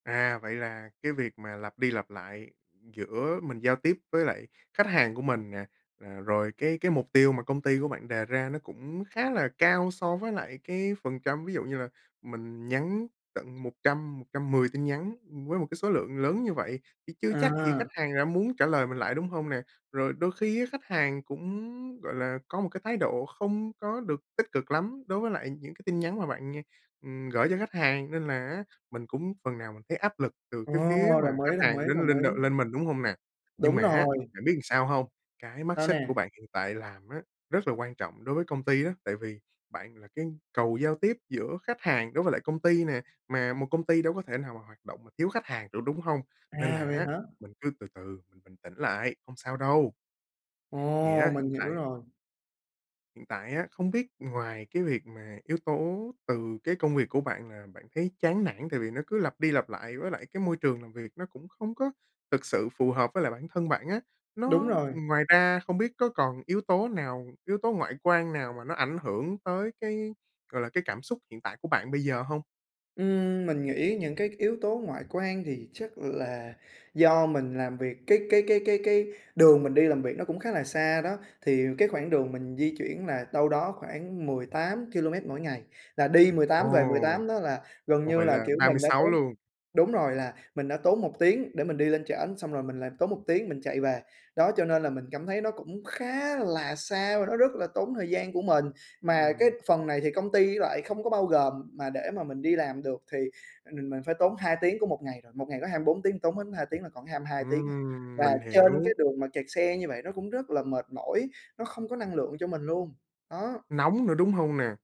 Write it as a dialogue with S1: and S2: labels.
S1: À, vậy là cái việc mà lặp đi lặp lại giữa mình giao tiếp với lại khách hàng của mình nè, à, rồi cái cái mục tiêu mà công ty của bạn đề ra nó cũng khá là cao so với lại cái phần trăm. Ví dụ như là mình nhắn tận 100-110 tin nhắn với một cái số lượng lớn như vậy, thì chưa chắc gì khách
S2: À.
S1: hàng đã muốn trả lời mình lại, đúng hông nè? Rồi đôi khi á khách hàng cũng, gọi là, có một cái thái độ không có được tích cực lắm đối với lại những cái tin nhắn mà bạn như ừm, gởi cho khách hàng. Nên là á, mình cũng phần nào mình thấy áp lực từ
S2: Ồ.
S1: cái phía mà
S2: Đồng ý,
S1: khách
S2: đồng ý,
S1: hàng đến
S2: đồng
S1: lên đ
S2: ý!
S1: lên mình, đúng hông nè? Nhưng
S2: Đúng
S1: mà á,
S2: rồi.
S1: bạn biết sao hông? Cái mắt
S2: Sao
S1: xích của
S2: nè?
S1: bạn hiện tại làm á, rất là quan trọng đối với công ty á, tại vì bạn là cái cầu giao tiếp giữa khách hàng đối với lại công ty nè. Mà một công ty đâu có thể nào mà hoạt động mà thiếu khách hàng được, đúng hông? Nên
S2: À,
S1: là
S2: vậy
S1: á,
S2: hả?
S1: mình cứ từ từ, mình bình tĩnh lại, hông sao đâu! Thì
S2: Ồ,
S1: á,
S2: mình
S1: hiện
S2: hiểu
S1: tại
S2: rồi.
S1: hiện tại á, không biết ngoài cái việc mà yếu tố từ cái công việc của bạn là bạn thấy chán nản tại vì nó cứ lặp đi lặp lại, với lại cái môi trường làm việc nó cũng không có thực sự phù hợp với lại bản thân bạn á,
S2: Đúng
S1: nó
S2: rồi.
S1: ngoài ra không biết có còn yếu tố nào yếu tố ngoại quan nào mà nó ảnh hưởng tới cái, gọi là, cái cảm xúc hiện tại của bạn bây giờ hông?
S2: Ừm, mình nghĩ những cái yếu tố ngoại quan thì chắc là do mình làm việc cái cái cái cái cái đường mình đi làm việc nó cũng khá là xa đó, thì cái khoảng đường mình di chuyển là đâu đó khoảng 18 ki-lô-mét mỗi ngày, là đi mười
S1: Ồ.
S2: tám về 18 đó là, gần
S1: Ồ,
S2: như
S1: vậy
S2: là,
S1: là
S2: kiểu,
S1: ba mươi
S2: mình đã
S1: sáu
S2: tốn
S1: luôn!
S2: đúng rồi, là mình đã tốn 1 tiếng để mình đi lên trển, xong rồi mình lại tốn 1 tiếng mình chạy về. Đó, cho nên là mình cảm thấy nó cũng khá là xa và nó rất là tốn thời gian của mình. Mà cái
S1: Ừm.
S2: phần này thì công ty lại không có bao gồm, mà để mà mình đi làm được thì mình mình phải tốn 2 tiếng của một ngày rồi. Một ngày có 24 tiếng tốn hết 2 tiếng là còn có 22 tiếng à!
S1: Ừm,
S2: Và
S1: mình
S2: trên cái
S1: hiểu.
S2: đường mà kẹt xe như vậy nó cũng rất là mệt mỏi, nó không có năng lượng cho mình luôn. Đó!
S1: Nóng nữa, đúng hông nè?